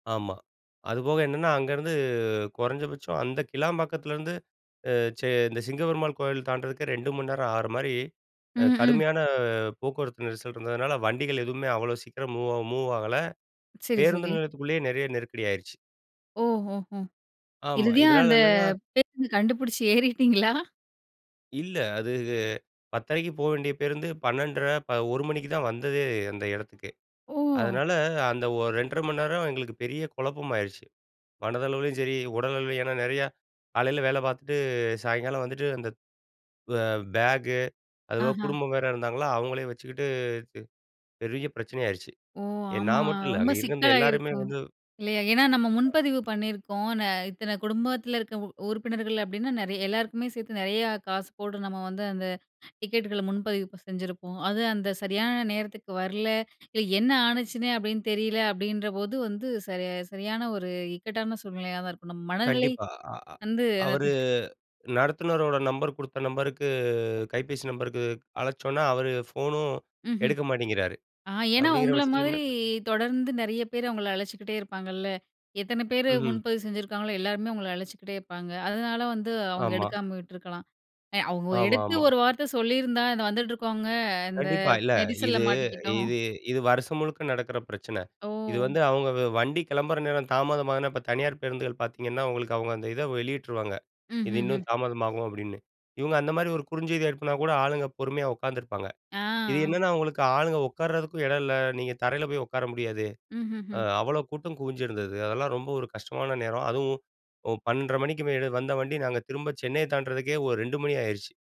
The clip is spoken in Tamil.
ஆமா, அதுபோக என்னென்ன அங்கேருந்து குறைஞ்சபட்சம் அந்த கிளாம்பாக்கத்திலேருந்து அ சே இந்த சிங்கபெருமாள் கோயில் தாண்டறதுக்கு 2 மணி நேரம் ஆற மாரி அ ம், ம். கடுமையான போக்குவரத்து நெரிசல் இருந்ததுனால வண்டிகள் எதுவுமே அவ்வளோ சீக்கிரம் மூவ் மூவ் ஆகல சரி, பேருந்து சரி. நிலையத்துக்குள்ளேயே நெறைய நெருக்கடி ஆயிருச்சு. ஓ. ஓஹோ! ஆமா, இறுதியா இதனால அந்த என்னன்னா பேருந்து கண்டுபிடிச்சு ஏறிட்டீங்களா? இல்ல, அது 10:30க்கு போ வேண்டிய பேருந்து 12.30 ப 1 மணிக்கு தான் வந்ததே அந்த இடத்துக்கே. ஒஹ். அதனால, அந்த ஒரு 2.30 மணி நேரம் எங்களுக்கு பெரிய குழப்பம் ஆயிருச்சு மனதளவிலும் சரி உடல் அளவிலும். ஏன்னா, நெறையா காலையில வேல பார்த்துட்டு சாயங்காலம் வந்துட்டு அந்த வ பேக்கு அதுவும் ஆஹா. குடும்பம் வேற இருந்தாங்களா, அவங்களே வச்சுக்கிட்டு பெரிய பிரச்சனை ஆயிருச்சு. ஓ! எ ஆமா, நான் மட்டும் இல்ல ரொம்ப அங்கே இருந்த எல்லாருமே சிக்கலாகிருக்கும் வந்து இல்லையா? ஏன்னா, நம்ம முன்பதிவு பண்ணியிருக்கோம் நா இத்தனை குடும்பத்தில இருக்கற உறுப்பினர்கள் அப்டின்னா நெறைய எல்லாருக்குமே சேர்த்து நெறையா காசு போடு நம்ம வந்து அந்த டிக்கெட்டுகள முன்பதிவு செஞ்சிருப்போம். அது அந்த சரியான நேரத்துக்கு வரல. என்ன ஆனுச்சுன்னே அப்டின்னு தெரியல அப்டின்றபோது வந்து சரியா சரியான ஒரு இக்கட்டான சூழ்நிலையா தான் இருக்கும். நம்ம மனநிலை கண்டிப்பா, அ அ வந்து அவரு அது நடத்துனரோட நம்பர் குடுத்த நம்பருக்கு கைபேசி நம்பருக்கு அழைச்சோனா அவுரு ஃபோனும் ம்ஹ்ம். எடுக்க மாட்டேங்கிறாரு ஆ ஏன்னா, அப்டிங்கிற உங்கள மாதிரி பட்சத்திலன்ன தொடர்ந்து நெறைய பேர் அவங்கள அழைச்சுகிட்டே இருப்பாங்கல்ல. எத்தனை பேரு ம்ஹ்ம். முன்பதிவு செஞ்சுருக்காங்களோ எல்லாருமே உங்கள அழைச்சுக்கிட்டே இருப்பாங்க. அதனால வந்து அவங்க ஆமா. எடுக்காம விட்டிருக்கலாம் எ அவ்வோ ஆமா, எடுத்து ஆமா. ஒரு வார்த்த சொல்லியிருந்தா இந்த வந்துட்டு இருக்கவங்க இந்த கண்டிப்பா. இல்ல, நெரிசல இது மாட்டிக்கிட்டோம். இது இது வருஷம் முழுக்க நடக்குற பிரச்சனை. இது ஓ! வந்து அவங்க வ வண்டி கிளம்புற நேரம் தாமதமாகதுனா இப்ப தனியார் பேருந்துகள் பார்த்தீங்கன்னா, உங்களுக்கு அவங்க அந்த இத வெளியிட்டுருவாங்க. இது இன்னும் ம்ஹ்ஹ்ம். தாமதமாகும் அப்டின்னு இவங்க அந்த மாரி ஒரு குறுஞ்செய்தி எடுப்புனா கூட ஆளுங்க பொறுமையா உட்காந்துருப்பாங்க. அ இது ஆ. என்னன்னா, அவங்களுக்கு ஆளுங்க உட்காரறதுக்கும் இடம் இல்ல நீங்க தரையில போய் உட்கார முடியாது. அ ம்ஹ்ஹ்ம். அவ்வளோ கூட்டம் குவிஞ்சிருந்தது அதெல்லாம் ரொம்ப ஒரு கஷ்டமான நேரம். அதுவும் 12:30 மணிக்கு மேல வந்த வண்டி நாங்க திரும்ப சென்னைய தாண்டறதுக்கே ஒரு 2 மணி ஆயிருச்சு.